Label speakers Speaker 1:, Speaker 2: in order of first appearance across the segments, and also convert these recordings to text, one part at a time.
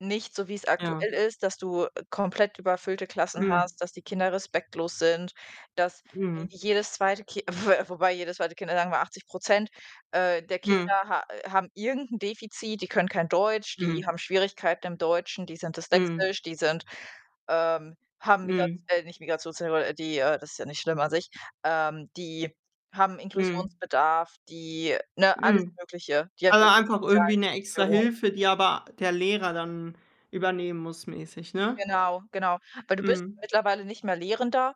Speaker 1: Nicht so, wie 's
Speaker 2: Ja.
Speaker 1: aktuell ist, dass du, äh, komplett überfüllte Klassen
Speaker 2: Mhm.
Speaker 1: hast, dass die Kinder respektlos sind, dass j
Speaker 2: Mhm.
Speaker 1: jedes 2. Ki wobei jedes 2. Kind, [unintelligible] sagen wir 80 % äh, der Kinder
Speaker 2: Mhm.
Speaker 1: ha äh, haben irgend 'nen Defizit, die können kein Deutsch, die
Speaker 2: Mhm.
Speaker 1: haben Schwierigkeiten im Deutschen, die sind
Speaker 2: Mhm.
Speaker 1: dyslexisch, die sind, ähm haben Migrat
Speaker 2: Mhm.
Speaker 1: äh, nicht Migrationshintergrund, äh, die, äh das ist ja nicht schlimm an sich. Ähm, die haben
Speaker 2: Mhm.
Speaker 1: Inklusionsbedarf, die ne, alles
Speaker 2: Mhm.
Speaker 1: Mögliche. Die haben
Speaker 2: Aber
Speaker 1: irgendwelche
Speaker 2: einfach irgendwie
Speaker 1: sozialen
Speaker 2: 'ne
Speaker 1: Störungen.
Speaker 2: Extrahilfe, die aber der Lehrer dann übernehmen muss mäßig, ne?
Speaker 1: Genau, genau. Weil du bist
Speaker 2: Mhm.
Speaker 1: mittlerweile nicht mehr Lehrender,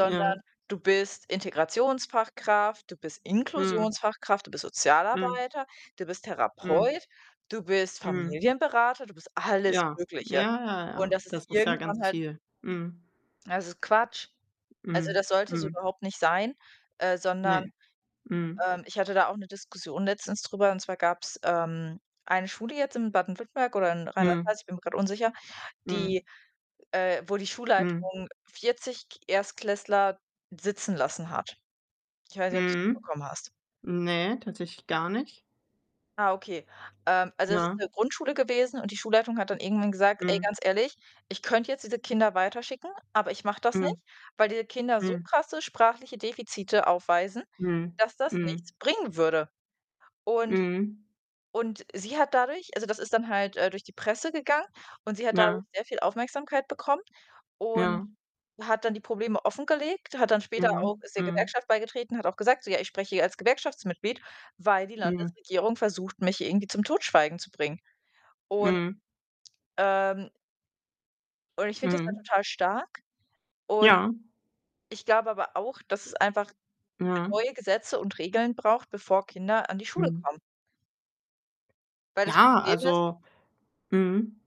Speaker 2: Ja.
Speaker 1: du bist Integrationsfachkraft, du bist
Speaker 2: Mhm.
Speaker 1: Inklusionsfachkraft, du bist
Speaker 2: Mhm.
Speaker 1: Sozialarbeiter, du bist
Speaker 2: Mhm.
Speaker 1: Therapeut, du bist
Speaker 2: Mhm.
Speaker 1: Familienberater. Du bist alles
Speaker 2: Ja. Ja,
Speaker 1: Mögliche.
Speaker 2: ja,
Speaker 1: Und
Speaker 2: ja.
Speaker 1: das ist
Speaker 2: Das ist ja ganz
Speaker 1: irgendwann halt
Speaker 2: viel. Mhm.
Speaker 1: Es ist Quatsch. Also,
Speaker 2: Mhm.
Speaker 1: das sollte so
Speaker 2: Mhm.
Speaker 1: überhaupt nicht sein, äh,
Speaker 2: Ne,
Speaker 1: sondern
Speaker 2: mhm.
Speaker 1: ähm, ich hatte da auch 'ne Diskussion letztens drüber, und zwar gab 's, ähm, eine Schule jetzt in Baden-Württemberg oder in Rheinland
Speaker 2: Mhm.
Speaker 1: Pfalz, ich bin mir grad unsicher,
Speaker 2: Mhm.
Speaker 1: die, äh wo die
Speaker 2: Mhm.
Speaker 1: Schulleitung 40 K Erstklässler sitzen lassen hat. Ich weiß nicht, ob du es
Speaker 2: Mhm.
Speaker 1: mitbekommen hast.
Speaker 2: Ne, tatsächlich gar nicht.
Speaker 1: Ah, okay. Ähm, also, es ist
Speaker 2: Ja.
Speaker 1: 'ne Grundschule gewesen und die Schulleitung hat dann irgendwann gesagt: „Ey,
Speaker 2: Mhm.
Speaker 1: ganz ehrlich, ich könnte jetzt diese Kinder weiterschicken, aber ich mache das
Speaker 2: Mhm.
Speaker 1: nicht, weil diese Kinder so
Speaker 2: Mhm.
Speaker 1: krasse sprachliche Defizite aufweisen,
Speaker 2: Mhm.
Speaker 1: dass das
Speaker 2: Mhm.
Speaker 1: nichts bringen würde.“ Und
Speaker 2: Mhm.
Speaker 1: und sie hat dadurch also, das ist dann halt, äh, durch die Presse gegangen und sie hat dadurch
Speaker 2: Ja.
Speaker 1: sehr viel Aufmerksamkeit bekommen und
Speaker 2: Ja.
Speaker 1: hat dann die Probleme offengelegt, hat dann später auch
Speaker 2: Mhm.
Speaker 1: ist der
Speaker 2: Mhm.
Speaker 1: Gewerkschaft beigetreten, hat auch gesagt, so: „Ja, ich spreche hier als Gewerkschaftsmitglied, weil die
Speaker 2: Mhm.
Speaker 1: Landesregierung versucht, mich irgendwie zum Totschweigen zu bringen.“ Und,
Speaker 2: Mhm.
Speaker 1: ähm und ich finde das da
Speaker 2: Mhm.
Speaker 1: total stark und
Speaker 2: Ja.
Speaker 1: ich glaube aber auch, dass es einfach
Speaker 2: Ja.
Speaker 1: neue Gesetze und Regeln braucht, bevor Kinder an die Schule
Speaker 2: Mhm.
Speaker 1: kommen. Weil das
Speaker 2: Ja,
Speaker 1: Problem ist
Speaker 2: also Mhm.